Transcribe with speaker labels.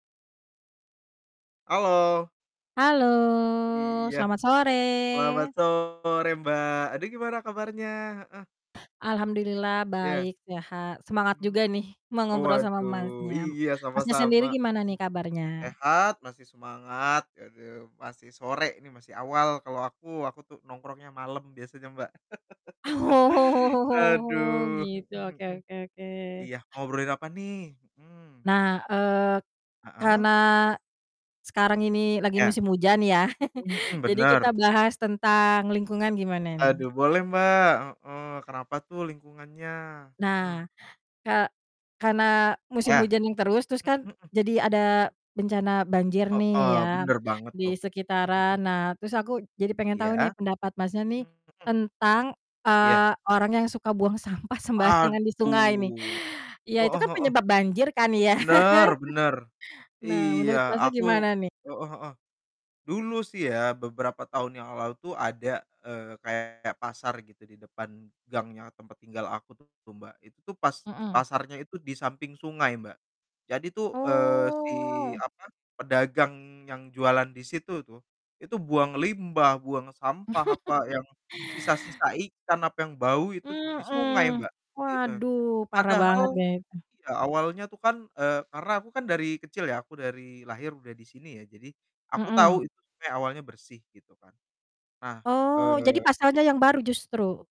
Speaker 1: Halo.
Speaker 2: Halo,
Speaker 1: Iya.
Speaker 2: selamat
Speaker 1: Selamat
Speaker 2: sore.
Speaker 1: sore, Mbak, aduh, gimana kabarnya? Heeh.
Speaker 2: Alhamdulillah
Speaker 1: Iya.
Speaker 2: baik, sehat. Semangat
Speaker 1: Mhm.
Speaker 2: juga nih mau
Speaker 1: Oh,
Speaker 2: ngobrol sama,
Speaker 1: waduh,
Speaker 2: Masnya.
Speaker 1: iya,
Speaker 2: Masnya sendiri
Speaker 1: sama-sama,
Speaker 2: gimana nih
Speaker 1: hmm.
Speaker 2: kabarnya?
Speaker 1: Sehat, masih semangat, aduh, masih sore ini masih awal, kalau aku aku tuh nongkrongnya malam biasanya, Mbak.
Speaker 2: Oh,
Speaker 1: Aduh,
Speaker 2: gitu,
Speaker 1: mhm
Speaker 2: oke
Speaker 1: mhm.
Speaker 2: oke oke.
Speaker 1: Iya, mau ngobrolin apa nih? Mhm.
Speaker 2: Nah, eee,
Speaker 1: Heeh.
Speaker 2: karena sekarang ini lagi
Speaker 1: Iya.
Speaker 2: musim hujan ya,
Speaker 1: Mhm mhm,
Speaker 2: jadi kita
Speaker 1: benar.
Speaker 2: bahas tentang lingkungan, gimana nih?
Speaker 1: Aduh, boleh, Mbak, heeh, kenapa tuh lingkungannya? Heeh.
Speaker 2: Nah, ka karena musim
Speaker 1: Iya.
Speaker 2: hujannya terus, terus kan
Speaker 1: Mhm mhm.
Speaker 2: jadi ada bencana banjir nih
Speaker 1: Heeh,
Speaker 2: ya
Speaker 1: benar banget
Speaker 2: di
Speaker 1: tuh. Hmm,
Speaker 2: sekitaran,
Speaker 1: mhm.
Speaker 2: nah terus aku jadi pengen tau nih
Speaker 1: Iya.
Speaker 2: pendapat Masnya nih
Speaker 1: Mhm.
Speaker 2: tentang,
Speaker 1: Iya.
Speaker 2: eee, orang yang suka buang sampah sembarangan di sungai nih?
Speaker 1: Aduh.
Speaker 2: Iya, itu
Speaker 1: Heeh
Speaker 2: kan
Speaker 1: heeh.
Speaker 2: penyebab banjir kan ya.
Speaker 1: Benar benar.
Speaker 2: Nah,
Speaker 1: Iya
Speaker 2: menurut, Masnya,
Speaker 1: aku
Speaker 2: gimana nih?
Speaker 1: heeh heeh. Dulu sih ya, beberapa tahun yang lalu tuh ada, eee, kayak pasar, gitu, di depan gangnya tempat tinggal aku tuh, Mbak, itu tuh pas
Speaker 2: Mhm.
Speaker 1: pasarnya itu di samping sungai, Mbak. Jadi tuh, eee, si,
Speaker 2: Oh.
Speaker 1: apa, pedagang yang jualan di situ itu, itu buang limbah, buang sampah apa yang sisa-sisa ikan, apa yang bau itu tuh di sungai,
Speaker 2: Mhm.
Speaker 1: Mbak, i eh.
Speaker 2: Waduh, parah
Speaker 1: Padahal
Speaker 2: bangetnya itu.
Speaker 1: iya, awalnya tuh kan eee, karena aku kan dari kecil ya, aku dari lahir udah di sini ya, jadi aku
Speaker 2: Mhm.
Speaker 1: tahu itu tuh kayak awalnya bersih, gitu kan. Nah,
Speaker 2: Oh, jadi
Speaker 1: eee
Speaker 2: pasarnya yang baru justru?